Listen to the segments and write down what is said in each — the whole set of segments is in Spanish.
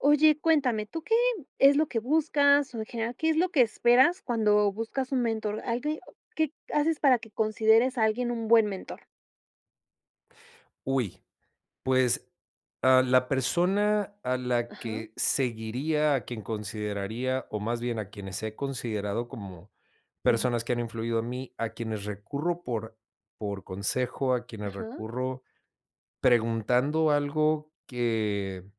Oye, cuéntame, ¿tú qué es lo que buscas, o en general, qué es lo que esperas cuando buscas un mentor? [unintelligible] ¿Qué haces para que consideres a alguien un buen mentor? Uy, pues, a la persona a la Ajá. que seguiría, a quien consideraría, o más bien a quienes he considerado como Ujú. personas que han influido en mí, a quienes recurro por por consejo, a quienes Ajá. recurro preguntando algo que,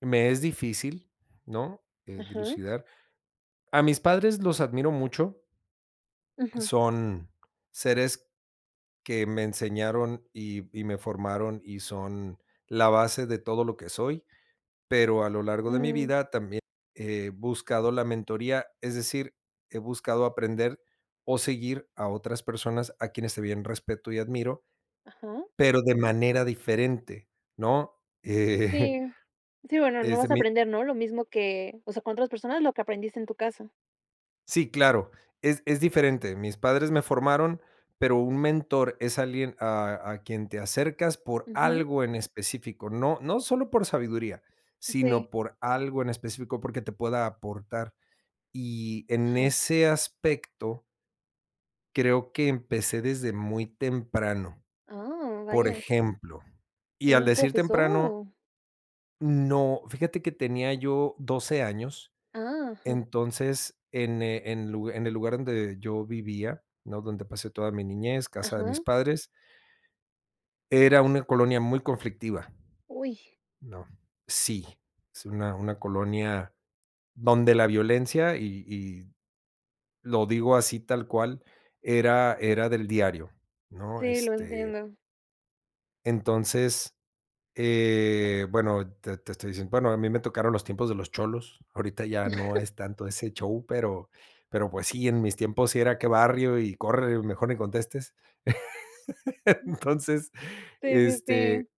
me es difícil, ¿no?, eh, Ajá. dilucidar a mis padres los admiro mucho Ujú. son seres que me enseñaron y y me formaron y son la base de todo lo que soy, pero a lo largo de mi Mm. vida también he buscado la mentoría, es decir, he buscado aprender o seguir a otras personas a quienes también respeto y admiro, Ajá. pero de manera diferente, ¿no? Eh. Sí. Sí, bueno, no Este, vas a mi aprender, ¿no?, lo mismo que, o sea, con otras personas, lo que aprendiste en tu casa. Sí, claro, es es diferente. Mis padres me formaron, pero, un mentor es alguien a a quien te acercas por Ujú. algo en específico. No no solo por sabiduría, Sí. sino, por algo en específico, porque, te pueda aportar. Y en Ajá. ese aspecto creo que empecé desde muy temprano. Ah, Por vaya. ejemplo, y al ¿Un decir profesor, temprano o? no, fíjate que tenía yo 12 años, Ah, ajá. entonces, en, eh, en lug en el lugar donde yo vivía, ¿no?, donde pasé toda mi niñez, casa de mis Ajá. padres era una colonia muy conflictiva. Uy. No, sí, es una una colonia donde la violencia y y lo digo así tal cual, era era del diario, ¿no? Sí, lo Este entiendo. entonces, eh, bueno, te te estoy diciendo, bueno, a mí me tocaron los tiempos de los cholos. Ahorita ya no es tanto ese show, pero pero pues sí, en mis tiempos sí era qué barrio y corre, mejor ni contestes. Mm. Entonces, Sí, sí, sí. este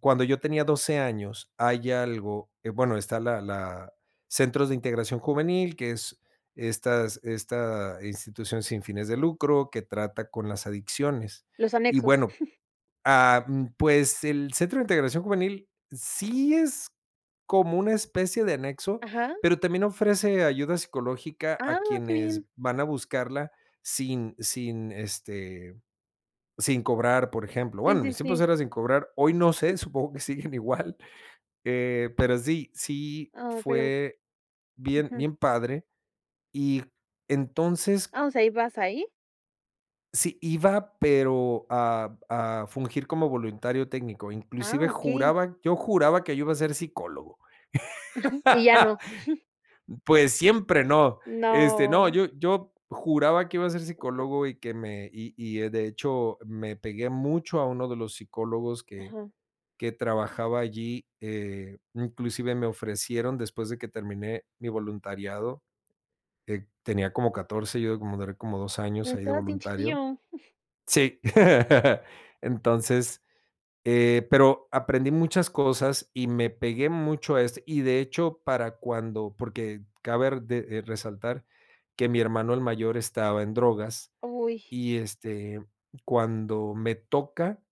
cuando yo tenía 12 años hay algo, eh, bueno, está la la centros de integración juvenil, que es estas esta institución sin fines de lucro, que trata con las adicciones. Los Y anexos. bueno, ah, mm, pues, el centro de integración juvenil, sí es como una especie de anexo, Ajá. pero, también ofrece ayuda psicológica, a Ah, qué quienes bien. van a buscarla sin sin, este, sin cobrar, por ejemplo. Sí, Bueno, en sí, mis tiempos sí. era sin cobrar hoy no sé, supongo que siguen igual, eh, pero sí sí Ah, pero fue bien Ujú. bien padre. Y entonces Ah, o sea, ¿ibas ahí? sí, iba pero, a a fungir como voluntario técnico. Ah, Inclusive okey. juraba yo juraba que yo iba a ser psicólogo. ¿Y ya no? Pues, siempre, no. Este, no, No. yo yo juraba que iba a ser psicólogo, y que me y y, eh, de hecho me pegué mucho a uno de los psicólogos, que Ajá. que trabajaba allí. Eh, inclusive me ofrecieron después de que terminé mi voluntariado, eh, tenía como 14, yo, como duré como 2 años Pero, ahí de estabas bien voluntario. chiquillo. Sí. Entonces, eh, pero, aprendí muchas cosas y me pegué mucho a eso. Y de hecho, para cuando, porque, cabe r de de resaltar que mi hermano, el mayor, estaba en drogas Uy. y, este, cuando me toca,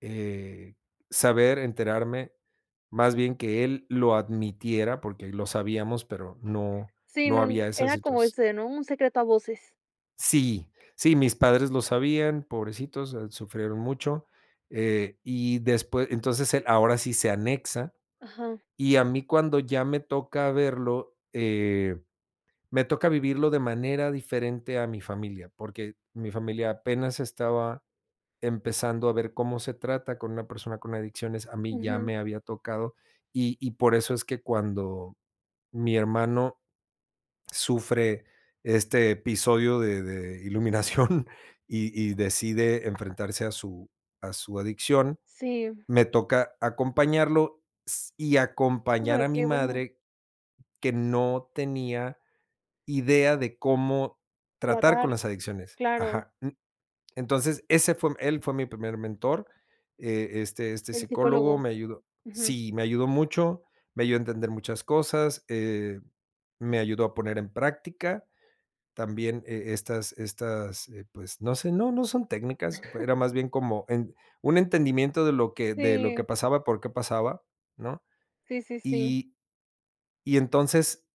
eh, saber, enterarme, más bien que él lo admitiera, porque lo sabíamos, pero, no Sí, no no, n había esa era como situas ese, ¿no? Un secreto a voces. Sí. Sí, mis padres lo sabían, pobrecitos, sufrieron mucho. Eh, y después entonces, el ahora sí se anexa, Ajá. y a mí cuando ya me toca verlo, eh, me toca vivirlo de manera diferente a mi familia, porque mi familia apenas estaba empezando a ver cómo se trata con una persona con adicciones. A mí ya Ujú. me había tocado, y y por eso es que cuando mi hermano sufre este episodio de de iluminación y y decide enfrentarse a su a su adicción, Sí. me toca acompañarlo s y No, acompañar pero a mi qué bueno. madre que no tenía idea de cómo tratar con Tratar, las adicciones. claro. Ajá, mm, entonces, ese fue él fue mi primer mentor. E este este El psicólogo psicólogo. me ayudó Ujú. sí, me ayudó mucho, me ayudó a entender muchas cosas, eh, me ayudó a poner en práctica. También, e estas estas, eh, pues, no sé, no, no son técnicas, era más bien como en un entendimiento de lo que de lo que Sí. pasaba, por qué pasaba, ¿no?, Sí, sí, sí. y y entonces,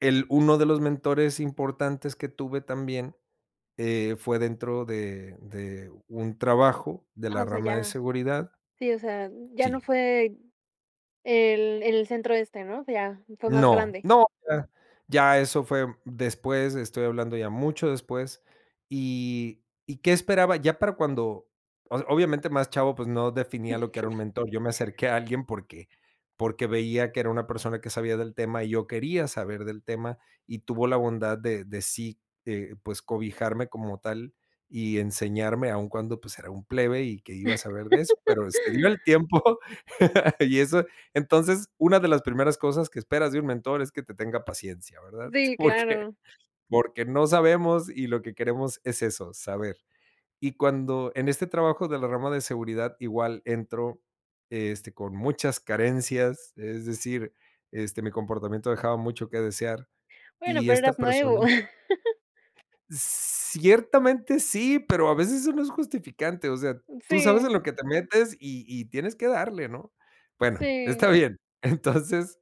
el uno de los mentores importantes que tuve también, eh, fue dentro de de un trabajo de Ah, la o sea, rama de ya. seguridad. Sí, o sea, ya no Sí. fue, el el centro este, ¿no?, o sea, ya fue más No, grande. no, ya ya eso fue después, estoy hablando ya mucho después. Y ¿y qué esperaba?, ya para cuando, o sea, obviamente más chavo, pues, no definía lo que era un mentor. Yo me acerqué a alguien porque porque veía que era una persona que sabía del tema y yo quería saber del tema y tuvo la bondad de de sí, eh, pues cobijarme como tal y enseñarme aún cuando pues era un plebe y ¿que iba a saber de eso?, pero, excedió el tiempo. Y eso entonces, una de las primeras cosas que esperas de un mentor es que te tenga paciencia, ¿verdad?, Sí, porque claro. porque no sabemos y lo que queremos es eso, saber. Y cuando en este trabajo de la rama de seguridad igual entro, este, con muchas carencias, es decir, este, mi comportamiento dejaba mucho que desear Bueno, y pero esta eras persona nuevo. Ciertamente sí, pero a veces eso no es justificante. O sea, tú sabes en Sí. lo que te metes y y tienes que darle, ¿no?, bueno, está Sí. bien. Entonces,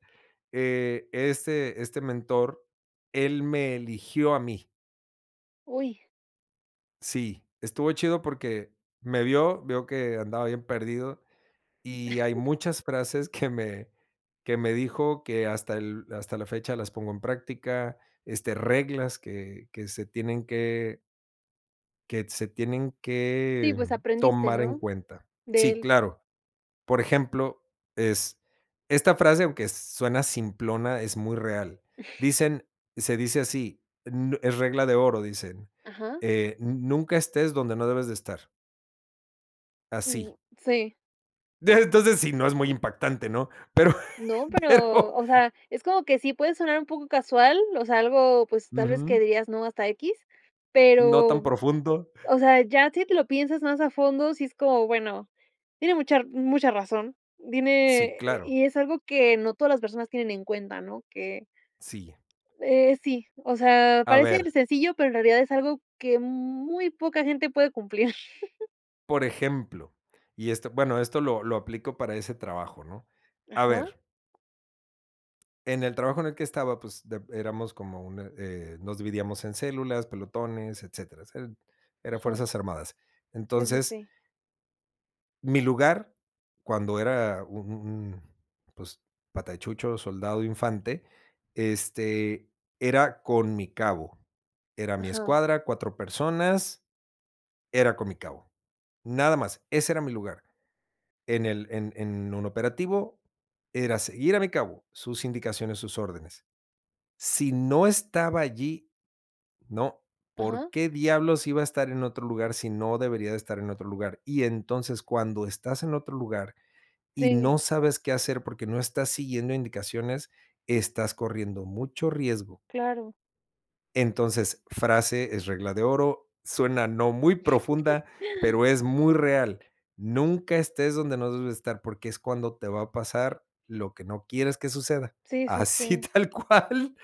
eh, este este mentor, él me eligió a mí. Uy. Sí, estuvo chido, porque me vio, vio que andaba bien perdido, y hay muchas frases que me que me dijo, que hasta el hasta la fecha las pongo en práctica, este, reglas que que se tienen que. Que se tienen Sí, que pues, aprendiste, tomar en ¿no? cuenta. De Sí, él. claro. Por ejemplo, es esta frase, aunque suena simplona, es muy real. Dicen, se dice así, n es regla de oro, dicen, Ajá. eh: "Nunca estés donde no debes de estar". Así. Uy. Sí. Dime entonces sí, no es muy impactante, ¿no? Pero, No, pero pero, o sea, es como que sí puede sonar un poco casual, o sea, algo, pues, tal vez que Ujú. dirías no hasta equis, No, tan pero, profundo. o sea, ya si te lo piensas más a fondo si es como, bueno, tiene mucha r mucha razón. Dime Sí, e e claro. y es algo que no todas las personas tienen en cuenta, ¿no? Que. Sí. Eh, sí, o sea, A parece ver sencillo, pero, en realidad es algo que muy poca gente puede cumplir. Por ejemplo, y esto, bueno, esto lo lo aplico para ese trabajo, ¿no? A Ajá. ver. En el trabajo en el que estaba, pues, de éramos como un, eh, nos dividíamos en células, pelotones, etcéteras. Eran eran Ajá. fuerzas armadas. Sí, sí, Entonces. sí. Mi lugar cuando era un un un, pues pata de chucho, soldado infante, este, era con mi cabo. Era mi Ajá. escuadra, 4 personas, era con mi cabo. Nada más, ese era mi lugar. En el en en un operativo era seguir a mi cabo sus indicaciones, sus órdenes. Si no estaba allí, ¿no? ¿Por Ajá. qué, diablos iba a estar en otro lugar si no debería de estar en otro lugar? Y entonces cuando estás en otro lugar y Sí. no sabes qué hacer, porque, no estás siguiendo indicaciones, estás corriendo mucho riesgo. Claro. Entonces, frase es regla de oro, suena no muy profunda, pero, es muy real, nunca estés donde no debes estar, porque, es cuando te va a pasar lo que no quieres que suceda. Sí, sí, Así sí. tal cual,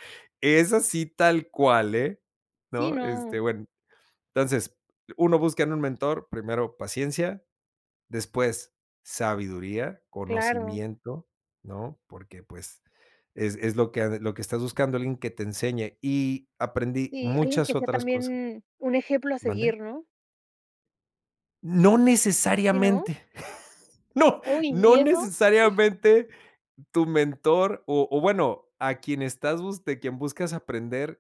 es así tal cual eh, Sí, ¿no? no. Este, bueno, entonces uno busca en un mentor, primero paciencia, después sabiduría, Claro. conocimiento, ¿no? Porque pues, es es lo que lo que estás buscando, alguien que te enseñe. Y aprendí Sí, alguien que muchas sea otras cosas también un ejemplo a ¿Mande? seguir, ¿no? No Sí, ¿no? necesariamente. No, Uy, no ¿y eso? necesariamente tu mentor o o bueno, a quien estás bus de quien buscas aprender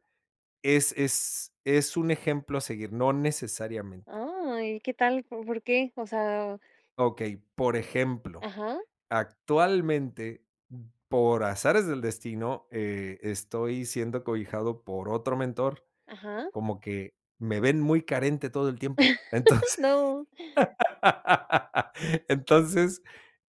es es es un ejemplo a seguir, no necesariamente. Ay, ¿qué tal? ¿Como, por qué? O sea Okey, por ejemplo, Ajá. actualmente, por azares del destino, eh, estoy siendo cobijado por otro mentor, Ajá. como que me ven muy carente todo el tiempo, entonces No. entonces,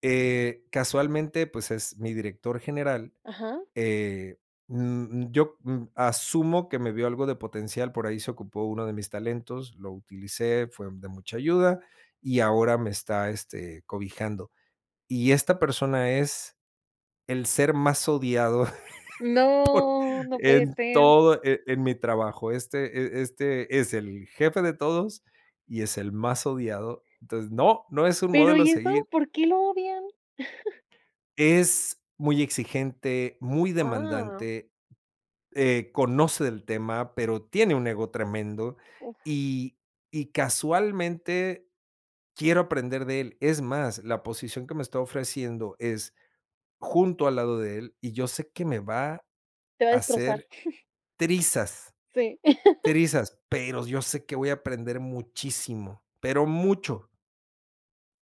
eh, casualmente, pues, es mi director general, Ajá. eh, mm, yo mm, asumo que me vio algo de potencial, por ahí se ocupó uno de mis talentos, lo utilicé, fue de mucha ayuda y ahora me está, este, cobijando, y esta persona es el ser más odiado por, No, no puede en ser. todo, eh, en mi trabajo, este, eh, este, es el jefe de todos y es el más odiado, entonces no, no es un Pero, modelo a ¿y seguir. eso? ¿Por qué lo odian? Es muy exigente, muy Ah. demandante, eh, conoce del tema, pero, tiene un ego tremendo Uf. y y casualmente quiero aprender de él, es más, la posición que me está ofreciendo es junto al lado de él y yo sé que me va a Te va a destrozar. hacer trizas, Sí. trizas, pero, yo sé que voy a aprender muchísimo, pero mucho.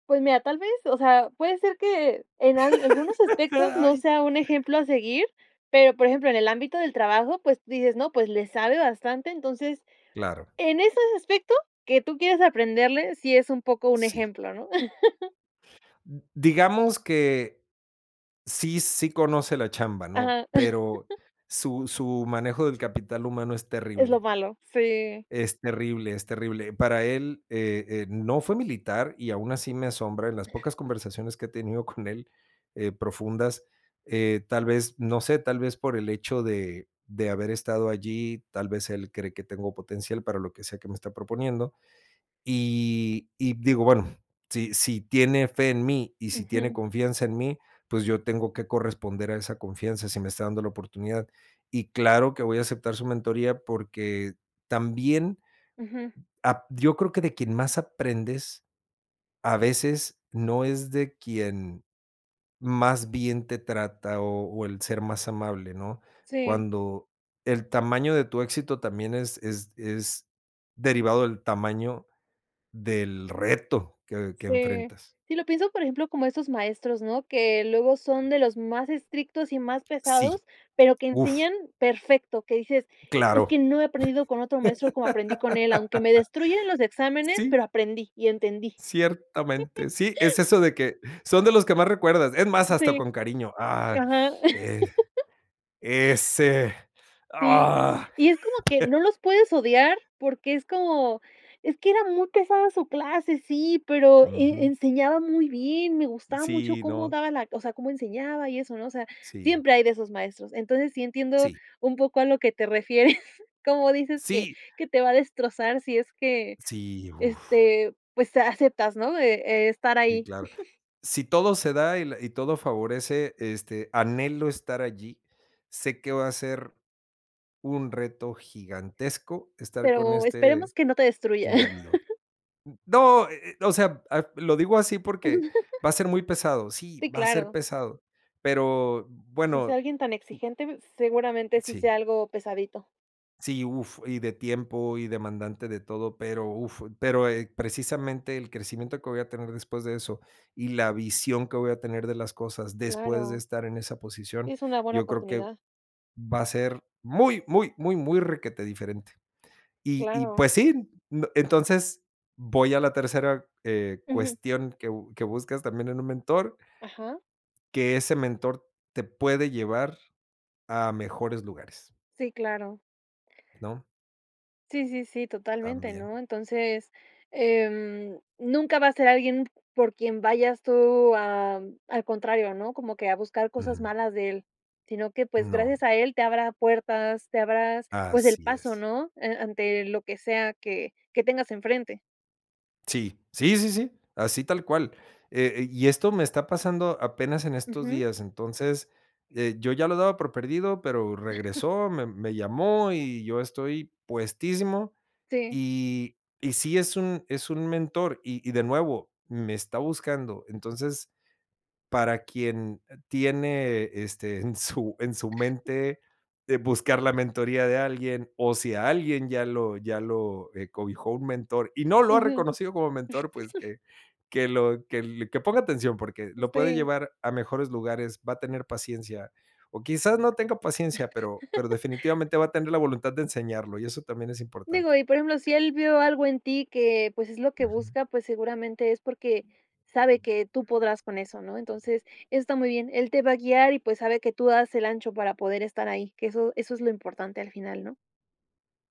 Pues mira, tal vez, o sea, puede ser que en al algunos aspectos no sea un ejemplo a seguir. Pero, por ejemplo, en el ámbito del trabajo, pues dices: "No, pues le sabe bastante", entonces, Claro. en esos aspecto que tú quieras aprenderle, sí es un poco un Sí. ejemplo, ¿no? D digamos que sí, sí, conoce la chamba, ¿no?, Ajá. pero, su su manejo del capital humano es Es lo terrible. malo. Sí. Es terrible, es terrible. Para él, eh, eh, no fue militar y aún así me asombra en las pocas conversaciones que he tenido con él, eh, profundas, eh, tal vez, no sé, tal vez por el hecho de de haber estado allí, tal vez, él cree que tengo potencial para lo que sea que me está proponiendo. Y y digo: "Bueno, si si tiene fe en mí y si tiene Ujú. confianza en mí, pues yo tengo que corresponder a esa confianza si me está dando la oportunidad". Y claro que voy a aceptar su mentoría porque, también. Ujú. Ap yo creo que de quien más aprendes, a veces, no es de quien más bien te trata o o el ser más amable, ¿no?, Sí. cuando el tamaño de tu éxito también es es es derivado del tamaño del reto que que Sí. enfrentas. Sí, lo pienso, por ejemplo, como estos maestros, ¿no?, que luego son de los más estrictos y más Sí. pesados, pero que ¡Uf! enseñan perfecto. Que dices: "Es Claro. que no he aprendido con otro maestro como aprendí con él", aunque me destruyen los exámenes, Sí. pero aprendí y entendí. Ciertamente. Sí, es eso de que, son de los que más recuerdas. Es más, hasta Sí. con cariño. Ah, Ajá. eh, ese, Sí. ¡ah! Y es como que no los puedes odiar porque es como, es que era muy pesada su clase, sí, pero e Ujú. enseñaba muy bien, me gustaba mucho Sí, cómo no. daba la o sea, cómo enseñaba y eso, ¿no?, o sea, Sí. siempre hay de esos maestros. Entonces, sí entiendo Sí. un poco a lo que te refieres, cómo dices que Sí. que te va a destrozar si es que Sí, uf. este, pues, eh, aceptas, ¿no?, de estar Sí, ahí. claro. Si todo se da y la y todo favorece, este, anhelo estar allí. Sé que va a ser, un reto gigantesco estar con Pero, este esperemos que no te destruya. individuo. No, eh, eh, o sea, lo digo así porque va a ser muy pesado, sí, Sí, va a ser claro. pesado, pero Si es bueno. alguien tan exigente, seguramente sí sea Sí. algo pesadito. Sí, uf, y de tiempo y demandante de todo, pero uf, pero, eh, precisamente el crecimiento que voy a tener después de eso y la visión que voy a tener de las cosas después de Claro. estar en esa posición, Es una buena yo creo que oportunidad. va a ser, ¡muy, muy, muy, muy! Requetediferente. Y y Claro. pues sí, n entonces, voy a la tercera, eh, Ujú. cuestión que bu que buscas también en un mentor. Ajá. Que ese mentor, te puede llevar a mejores lugares. Sí, claro. ¿No? Sí, sí, sí, totalmente, También. ¿no? Entonces, em, nunca va a ser alguien por quien vayas tú am, al contrario, ¿no?, como que a buscar cosas Ujú. malas de él, sino que, pues, Mm, no. gracias a él te abra puertas, te abras, pues, el Así paso, es. ¿no?, eh, ante lo que sea que que tengas enfrente. Sí, sí, sí, sí así tal cual. Eh eh y esto me está pasando apenas en estos Ujú. días, entonces, eh, yo ya lo daba por perdido, pero regresó, mem me llamó y yo estoy puestísimo Sí. y y sí es un es un mentor y y de nuevo, me está buscando. Entonces, para quien, eh, tiene, este, en su en su mente, eh, buscar la mentoría de alguien, o si a alguien ya lo ya lo, eh, cobijó un mentor, y no lo ha Ujú. reconocido como mentor, pues que que lo que l que ponga atención porque lo puede Sí. llevar a mejores lugares, va a tener paciencia, o quizás no tenga paciencia, pero pero definitivamente va a tener la voluntad de enseñarlo y eso también es Digo, importante. y por ejemplo, si él vio algo en ti que, pues, es lo que Ujú. busca, pues, seguramente es porque sabe que tú podrás con eso, ¿no? Entonces, eso está muy bien. Él te va a guiar y, pues, sabe que tú das el ancho para poder estar ahí, que eso eso es lo importante al final, ¿no?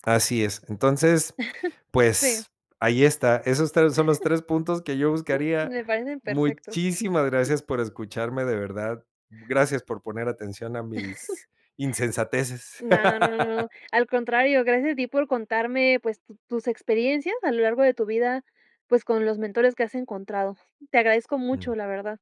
Así es, entonces. Sí. Pues, ahí está, esos 3 son los 3 puntos que yo Uh, buscaría. me parecen perfectos. Muchísimas gracias por escucharme, de verdad. Gracias por poner atención a mis insensateces. No, no, no, al contrario, gracias a ti por contarme, pues, tu tus experiencias a lo largo de tu vida, pues, con los mentores que has encontrado. Te agradezco mucho, Mm. la verdad.